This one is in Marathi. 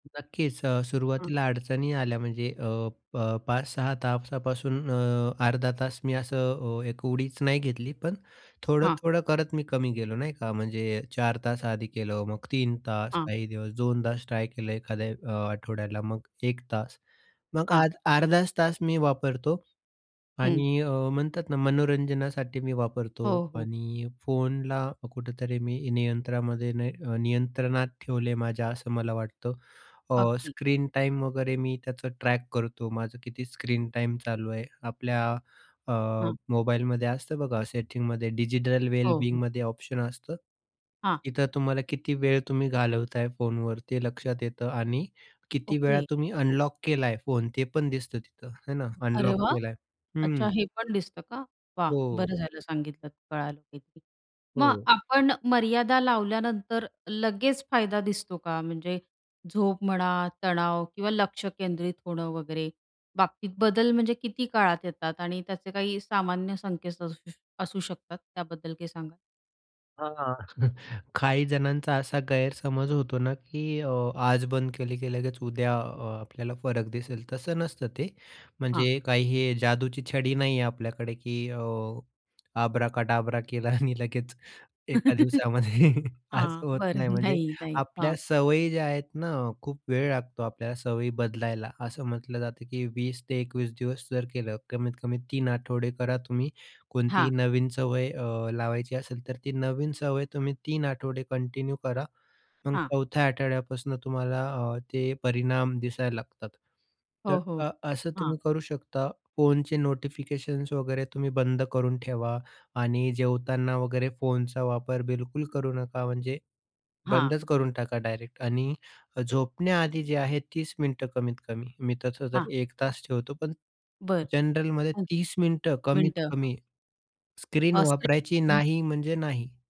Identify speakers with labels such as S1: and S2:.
S1: नक्कीच. अ,
S2: हं.
S1: सुरुवातीला अडचणी आल्या म्हणजे अ, अ, 5-6 तासापासून अ, अर्धा तास मी असं अ, एक उडीच नाही घेतली, पण
S2: हां.
S1: थोडं-थोडं करत मी कमी गेलो, नाही का. म्हणजे 4 तास आधी केलं, मग 3 तास
S2: हां.
S1: काही दिवस 2 तास ट्राय केलं, एखाद्या अ, आठवड्याला मग 1 तास मग
S2: हां.
S1: आज अर्धाच तास मी वापरतो
S2: हं.
S1: आणि अ, म्हणतात ना, मनोरंजनासाठी मी वापरतो
S2: हो, हो.
S1: आणि फोनला कुठेतरी मी नियंत्रणामध्ये नाही अ, नियंत्रणात ठेवले माझ्या असं मला वाटतं. अ,
S2: अगदी.
S1: स्क्रीन टाईम वगैरे मी त्याचं ट्रॅक करतो. माझं किती स्क्रीन टाईम चालू आहे. आपल्या अ,
S2: हं.
S1: मोबाईलमध्ये असतं बघा सेटिंगमध्ये डिजिटल वेल
S2: हो, हो.
S1: बिंगमध्ये ऑप्शन असतं.
S2: हां.
S1: इथं तुम्हाला किती वेळ तुम्ही घालवताय फोनवर ते लक्षात येतं आणि किती वेळा
S2: ओके.
S1: तुम्ही अनलॉक केलाय फोन ते पण दिसतं तिथं, आहे ना.
S2: अरे
S1: अनलॉक
S2: वाह!
S1: केलाय,
S2: अच्छा.
S1: हं.
S2: हे पण दिसतं का? वाह!
S1: हो.
S2: बरं झालं सांगितलंत कळालं काहीते. मग
S1: हो.
S2: आपण मर्यादा लावल्यानंतर लगेच फायदा दिसतो का? म्हणजे झोप म्हणा, तणाव किंवा लक्ष केंद्रित होणं वगैरे बाबतीत बदल म्हणजे किती काळात येतात? आणि त्याचे काही सामान्य संकेत असू असू शकतात त्याबद्दल काही सांगा?
S1: हां. काही जणांचा असा गैरसमज होतो ना, की अ, आज बंद केले, की लगेच उद्या अ, आपल्याला फरक दिसेल तसं नसतं ते,
S2: हां.
S1: म्हणजे काही हे जादूची छडी नाही आहे आपल्याकडे, की अ, "आबरा का डाबरा केला" आणि लगेच 1 दिवसामध्ये असं
S2: हां.
S1: होत
S2: बरं.
S1: नाही. म्हणजे
S2: नाही, नाही. हां.
S1: आपल्या सवयी ज्या आहेत ना, खूप वेळ लागतो आपल्याला सवयी बदलायला, असं म्हटलं जातं, की 20-21 दिवस जर केलं, कमीत-कमी 3 आठवडे करा तुम्ही कोणतीही
S2: हां.
S1: नवीन सवय अ, लावायची असेल, तर ती नवीन सवय तुम्ही 3 आठवडे कंटिन्यू करा. मग
S2: हां.
S1: 4थ्या आठवड्यापासून तुम्हाला अ, ते परिणाम दिसायला लागतात. तर
S2: हो, हो.
S1: अ, असं
S2: हां.
S1: तुम्ही करू शकता, फोनचे नोटिफिकेशन्स वगैरे तुम्ही बंद करून ठेवा आणि जेवताना वगैरे फोनचा वापर बिलकुल करू नका, म्हणजे
S2: हां.
S1: बंदच करून टाका डायरेक्ट आणि झोपण्याआधी जे आहे 30 मिनिटं कमीत-कमी मी तसं तर
S2: हां.
S1: 1 तास ठेवतो, पण
S2: बरं.
S1: जनरलमध्ये
S2: हं.
S1: 30 मिनिटं
S2: मिनिटं. हां.
S1: कमीत-कमी स्क्रीन
S2: असते.
S1: वापरायची
S2: त्यानी
S1: नाही म्हणजे नाही.